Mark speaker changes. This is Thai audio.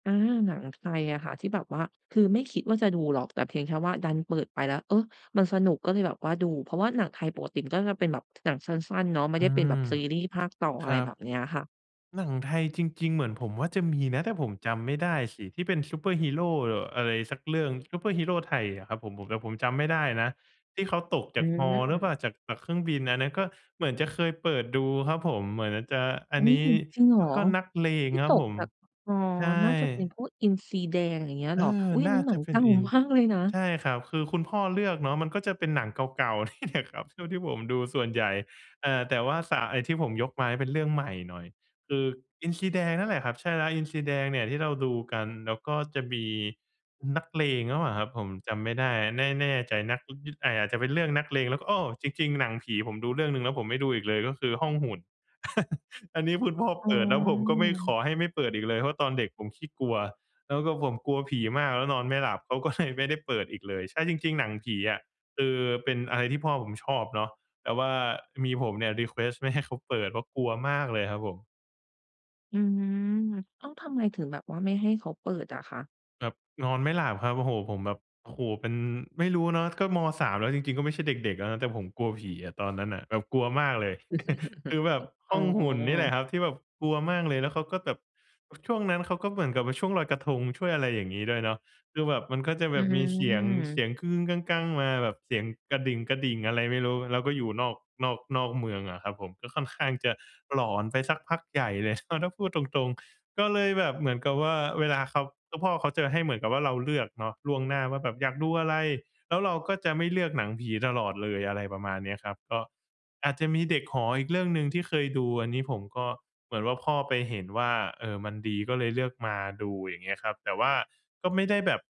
Speaker 1: เออ หนังไทยอะค่ะที่แบบว่า คือไม่คิดว่าจะดูหรอก แต่เพียงแค่ว่าดันเปิดไปแล้ว เออ มันสนุกก็เลยแบบว่าดู เพราะว่าหนังไทยปกติมันก็จะเป็นแบบ หนังสั้น ๆ เนาะ ไม่
Speaker 2: อื
Speaker 1: ได้เป็นแบ
Speaker 2: ม
Speaker 1: บซีรี่ส์ภาค ต่อ อ
Speaker 2: ค
Speaker 1: ะไ
Speaker 2: รั
Speaker 1: ร
Speaker 2: บ
Speaker 1: แบบเนี้ยอะค่ะ
Speaker 2: หนังไทยจริง ๆ เหมือนผมว่าจะมีนะ แต่ผมจำไม่ได้สิ ที่เป็นซูเปอร์ฮีโร เอ่อ อะไรสักเรื่อง ซูเปอร์ฮีโรไทยอะครับผม ผม ผม แต่ผมจำไม่ได้นะ ที่เขาตก
Speaker 1: อ
Speaker 2: จ
Speaker 1: ื
Speaker 2: ากฮอหรือ
Speaker 1: ม
Speaker 2: เปล่า จาก จากเครื่องบิน อันนั้นก็เหมือนจะเคยเปิดดูครับผม เหมือนอาจจะ อั
Speaker 1: อุ
Speaker 2: น
Speaker 1: ๊
Speaker 2: นี
Speaker 1: ย
Speaker 2: ้
Speaker 1: จริงเหร
Speaker 2: แล้
Speaker 1: อ
Speaker 2: วก็นักเล
Speaker 1: ท
Speaker 2: ง
Speaker 1: ี่
Speaker 2: คร
Speaker 1: ต
Speaker 2: ับผ
Speaker 1: ก
Speaker 2: ม
Speaker 1: จาก อ๋อ
Speaker 2: ใช่
Speaker 1: น่าจะเป็นพวกอินทรีแดง อย่างเงี้ยเ
Speaker 2: เอ
Speaker 1: หรอ
Speaker 2: อ
Speaker 1: อุ๊ย อ
Speaker 2: น
Speaker 1: ัน
Speaker 2: ่
Speaker 1: น
Speaker 2: า
Speaker 1: ั้นหนั
Speaker 2: จะ
Speaker 1: ง
Speaker 2: เป
Speaker 1: เ
Speaker 2: ็
Speaker 1: ก
Speaker 2: น
Speaker 1: ่า
Speaker 2: อิน
Speaker 1: มาก เลยนะ
Speaker 2: ใช่ครับ คือคุณพ่อเลือกเนาะ มันก็จะเป็นหนังเก่า ๆ นี่แหละครับ เท่าที่ผมดูส่วนใหญ่ อ่า แต่ว่า ส ไอ้ที่ผมยกมาเป็นเรื่องใหม่หน่อย คืออินทรีแดงนั่นแหละครับ ใช่แล้ว อินทรีแดงเนี่ยที่เราดูกัน แล้วก็จะมี อ นักเลงหรือเปล่าครับ ผมจำไม่ได้ แน่ แน่ใจนัก ย แต่อาจจะเป็นเรื่องนักเลง แล้วก็ อ้อ จริง ๆ หนังผีผมดูเรื่องหนึ่ง แล้วผมไม่ดูอีกเลย ก็คือห้องหุ่น อันนี้คุณพ่อ
Speaker 1: อ๋
Speaker 2: เปิด แล้วผมก็ไม่ ข
Speaker 1: อ
Speaker 2: อให้ไม่เปิดอีกเลย เพราะตอนเด็กผมขี้กลัว แล้วก็ผมกลัวผีมากแล้วนอนไม่หลับ เขา ก็ เลยไม่ได้เปิดอีกเลย ใช่ จริง ๆ หนังผีอะ คือเป็นอะไรที่พ่อผมชอบเนาะ แต่ว่ามีผมเนี่ย รีเควสต์ ไม่ให้เขาเปิด เพราะกลัวมากเลยครับผม
Speaker 1: อืม ต้องทำไงถึงแบบว่าไม่ให้เขาเปิดอะคะ?
Speaker 2: แบบนอนไม่หลับครับ โอ้โฮ ผมแบบ โอ้โฮ เป็น ไม่รู้เนาะ ก็ ม. 3 แล้วจริง ๆ ก็ไม่ใช่เด็ก ๆ แล้วนะ แต่ผมกลัวผีอะ ตอนนั้นน่ะแบบกลัวมากเลย คือแบบห
Speaker 1: อ๋
Speaker 2: ้
Speaker 1: อ
Speaker 2: องหุ่นนี่แหละครับที่แบบกลัวมากเลย แล้วเขาก็แบบ อ ช่วงนั้นเขาก็เหมือนกับว่า ช่วงลอยกระทง ช่วยอะไรอย่างงี้ด้วยเนาะ คือแบบมันก็จะ
Speaker 1: อ
Speaker 2: แบ
Speaker 1: ื
Speaker 2: บมีเสียง เส
Speaker 1: ม
Speaker 2: ียง มาแบบเสียงกระดิ่ง กระดิ่งอะไรไม่รู้ แล้วก็อยู่นอก นอก นอกเมืองอะครับผม ก็ค่อนข้างจะหลอนไปสักพักใหญ่เลย อา ถ้าพูดตรง ๆ ก็เลยแบบเหมือนกับว่า เวลาเขา ก็พ่อเขาจะให้เหมือนกับว่าเราเลือกเนาะล่วงหน้าว่าแบบอยากดูอะไร แล้วเราก็จะไม่เลือกหนังผีตลอดเลย อะไรประมาณเนี้ยครับ ก็อาจจะมีเด็กหออีกเรื่องหนึ่งที่เคยดู อันนี้ผมก็ เหมือนว่าพ่อไปเห็นว่า เออ มันดี ก็เลยเลือกมาดู อย่างเงี้ยครับ แต่ว่าก็ไม่ได้แบบ